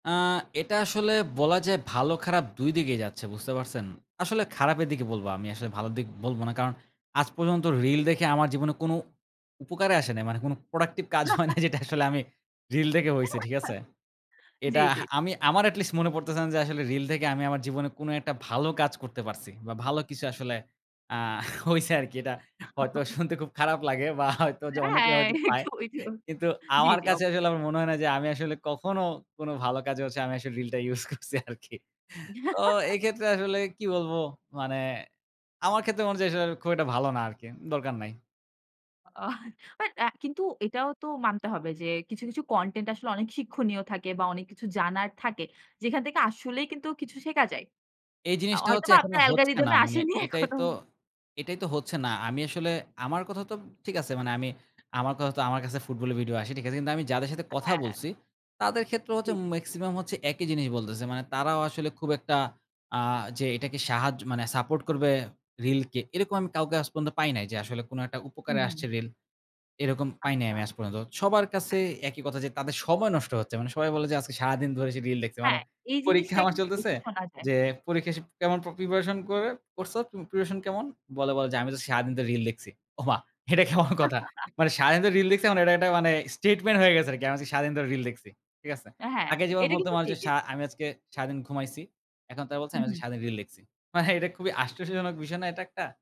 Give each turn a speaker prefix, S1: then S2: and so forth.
S1: আ এটা আসলে বলা যায় ভালো খারাপ দুই দিকেই যাচ্ছে। বুঝতে পারছেন? আসলে খারাপের দিকে বলব। আমি আসলে ভালো দিক বলব না। কারণ আজ পর্যন্ত রিল দেখে আমার জীবনে কোন উপকারে আসে নাই। মানে কোনো প্রোডাক্টিভ কাজ হয় না যেটা আসলে আমি রিল দেখে হইছে। ঠিক আছে? এটা
S2: জি, জি।
S1: আমি আমার এটলিস্ট মনে পড়তেছে না যে আসলে রিল থেকে আমি আমার জীবনে কোন একটা ভালো কাজ করতে পারছি। বা ভালো কিছু আসলে আ হইছে আরকি। এটা হয়তো শুনতে খুব খারাপ লাগে বা হয়তো অনেকে
S2: হ্যাঁ,
S1: হয়তো পায়।
S2: এইতো ওইতো।
S1: কিন্তু
S2: জি,
S1: আমার
S2: জি
S1: কাছে
S2: ওকে।
S1: আসলে আমার মনে হয় না যে আমি আসলে কখনো কোন ভালো কাজে হচ্ছে আমি আসলে রিলটা ইউস করছি আরকি। তো এক্ষেত্রে আসলে কি বলব? মানে আমার ক্ষেত্রে মনে হচ্ছে আসলে খুব একটা ভালো না আরকি। দরকার নাই।
S2: অহ বাট আ কিন্তু এটাও তো মানতে হবে যে কিছু, কিছু কনটেন্ট আসলে অনেক শিক্ষণীয় থাকে বা অনেক কিছু জানার থাকে। যেখান থেকে আসলেই কিন্তু কিছু শেখা যায়।
S1: এই
S2: আ
S1: জিনিসটা হচ্ছে
S2: হয়তোবা
S1: এখনো
S2: আপনার
S1: হচ্ছে না।
S2: অ্যালগরিদমে
S1: মানে
S2: আসেনি
S1: এটাই
S2: এখনো।
S1: তো এটাই তো হচ্ছে না। আমি আসলে আমার কথা তো ঠিক আছে মানে আমি আমার কথা তো আমার কাছে ফুটবলের ভিডিও আসে। ঠিক আছে। কিন্তু আমি যাদের সাথে কথা
S2: হ্যাঁ।
S1: বলছি, তাদের ক্ষেত্রে
S2: জি,
S1: হচ্ছে
S2: জি।
S1: মেক্সিমাম হচ্ছে একই জিনিস বলতেছে। মানে তারাও আসলে খুব একটা আ যে এটাকে সাহায্য মানে সাপোর্ট করবে রিলকে। এরকম আমি কাউকে আজ পর্যন্ত পাই নাই যে আসলে কোন একটা উপকারে
S2: হুম, হু।
S1: আসছে রিল। এরকম পাই নাই
S2: আচ্ছা।
S1: আমি আজ পর্যন্ত। সবার কাছে
S2: হ্যাঁ।
S1: একই কথা যে তাদের সময় নষ্ট হচ্ছে। মানে সবাই বলে যে আজকে সারাদিন ধরে সে রিল দেখছে। মানে
S2: হ্যাঁ এই
S1: পরীক্ষা
S2: জিনিসটা
S1: আমার
S2: কিন্তু
S1: চলতেছে
S2: বেশি শোনা যায়।
S1: যে, পরীক্ষা সে কেমন প্রিপারেশন করে করছ প্রিপারেশন কেমন? বলে, বলে যে আমি তো সারাদিন ধরে রিল দেখছি। ওমা! এটা কেমন কথা? মানে সারাদিন ধরে রিল দেখছি এখন এটা একটা statement হয়ে গেছে আরকি। আমি আজকে সারাদিন ধরে রিল দেখছি। ঠিক আছে?
S2: অ্যা হ্যাঁ,
S1: আগে যেমন
S2: এটা
S1: বলতাম
S2: কিন্তু
S1: না যে
S2: ঠিকই।
S1: সা আমি আজকে সারাদিন ঘুমাইছি। এখন তারা বলছে
S2: হু,
S1: আমি আজকে
S2: হু।
S1: সারাদিন রিল লিখছি। মানে এটা খুবই আশ্চর্যজনক বিষয় না এটা একটা!